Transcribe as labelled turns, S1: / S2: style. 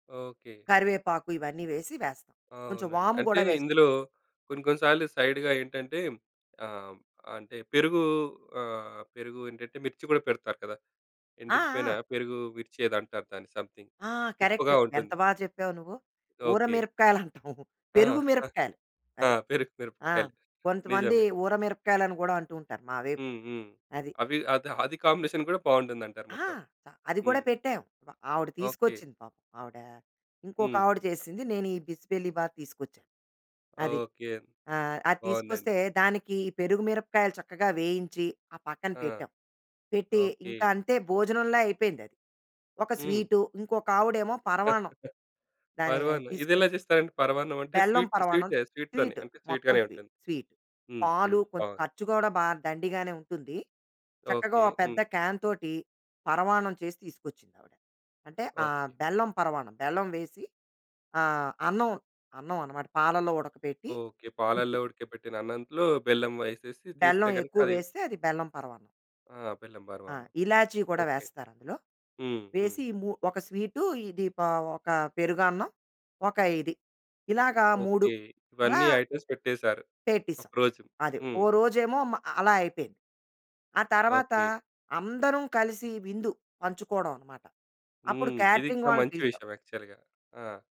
S1: Okay.
S2: కరివేపాకు ఇవన్నీ వేసి వేస్తాం.
S1: ఆ!
S2: కొంచెం
S1: అవునండి.
S2: వాము
S1: అంటే
S2: గూడా వేస్
S1: ఇందులో కొన్ని కొన్ని సార్లు సైడ్‌గా ఏంటంటే, ఆహ్, అంటే పెరుగు ఆహ్, పెరుగు ఏంటంటే, మిర్చి గూడా పెడతారు కదా!
S2: ఆ!
S1: ఎండిపోయిన
S2: ఆ!
S1: పెరుగు మిర్చి ఏదో అంటారు దాన్ని సమ్‌థింగ్.
S2: ఆ! కరెక్ట్.
S1: ఉప్పుగా
S2: ఎంత
S1: ఉంటుంది.
S2: బా చెప్పావు నువ్వు.
S1: ఓకే.
S2: ఊరమిరపకాయలు అంటాం.
S1: ఆ!
S2: పెరుగు మిరపకాయలు.
S1: ఆ!
S2: అది.
S1: పెరుగు, పెరుగు
S2: ఆ!
S1: కలిపి
S2: కొంతమంది
S1: నిజమే.
S2: ఊరమిరపకాయలు అని గూడా అంటూంటారు. మా వైపు.
S1: హ్మ్. హ్మ్.
S2: అది.
S1: అవి అద అది కాంబినేషన్ గూడా బావుంటుందంటారు
S2: ఆ!
S1: మొత్తం.
S2: త అది గూడా
S1: హ్మ్.
S2: పెట్టాం. ప ఆవిడ
S1: ఓకే.
S2: తీసుకొచ్చింది పాపం. ఆవిడ,
S1: హ్మ్.
S2: ఇంకొకావిడ చేసింది. నేను ఈ బిసిబెల్లి బాత్ తీసుకొచ్చాను. అది.
S1: ఓకే.
S2: ఆహ్, అది
S1: బావుందండి.
S2: తీసుకొస్తే, దానికి పెరుగు మిరపకాయలు చక్కగా వేయించి, ఆ పక్కన
S1: ఆ!
S2: పెట్టాం. పెట్టి
S1: ఓకే.
S2: ఇంకా అంతే భోజనంలా అయిపోయింది అది. ఒక
S1: హ్మ్.
S2: స్వీటు, ఇంకొకావిడెమో పరమాన్నం. దాన్ని
S1: పరవాన్నం. ఇది
S2: తీసుకొచ్చి
S1: ఎలా చేస్తారండి పరవాన్నం అంటే
S2: బెల్లం
S1: స్వీట్,
S2: పరవాన్నం.
S1: స్వీటె, స్వీట్‌తోనే
S2: స్వీట్,
S1: అంటే
S2: మొత్తం
S1: స్వీట్‌గానే
S2: స్వీ
S1: ఉంటుంది.
S2: స్వీట్.
S1: హ్మ్.
S2: పాలు
S1: హ్మ్. బా
S2: కొంచెం ఖర్చు గూడా బా దండిగానే ఉంటుంది. చక్కగా
S1: ఓకే.
S2: ఓపెద్ద
S1: హ్మ్.
S2: క్యాన్ తోటి, పరమాన్నం చేసి తీసుకొచ్చిందావిడ. అంటే ఆహ్,
S1: ఓకే.
S2: బెల్లం పరవాన్నం. బెల్లం వేసి ఆహ్, అన్నం, అన్నం అన్నమాట. పాలలో ఉడకబెట్టి
S1: ఓకే. పాలల్లో ఉడకబెట్టిన అన్నంలో బెల్లం ఎసేసి తీస్తే
S2: బెల్లం
S1: గనుక
S2: ఎక్కువ
S1: అది
S2: వేస్తే అది బెల్లం పరవాన్నం.
S1: ఆ! బెల్లెం
S2: ఆ!
S1: పరవాన్నం.
S2: ఇలాచి కూడా
S1: ఓకే.
S2: వేస్తారందులో.
S1: హ్మ్. హ్మ్.
S2: వేసి, ఇ ము ఒక స్వీటు ఇది ప ఒక పెరుగన్నం. ఒక ఇది. ఇలాగా 3
S1: ఓకే.
S2: అలా...
S1: ఇవన్నీ ఐటెమ్స్ పెట్టేసారు.
S2: పెట్టిసాం.
S1: ఒకరోజు.
S2: అది.
S1: హ్మ్.
S2: ఓ రోజేమో మ అలా అయిపోయింది. ఆ తరువాత
S1: ఓకే.
S2: అందరం కలిసి విందు, పంచుకోడమన్నమాట. అప్పుడు
S1: హ్మ్. ఇది
S2: క్యాటరింగ్
S1: ఇంకా
S2: వాళ్ళని
S1: మంచి
S2: పిలిచాం.
S1: విషయం యాక్చువల్‌గా. ఆ!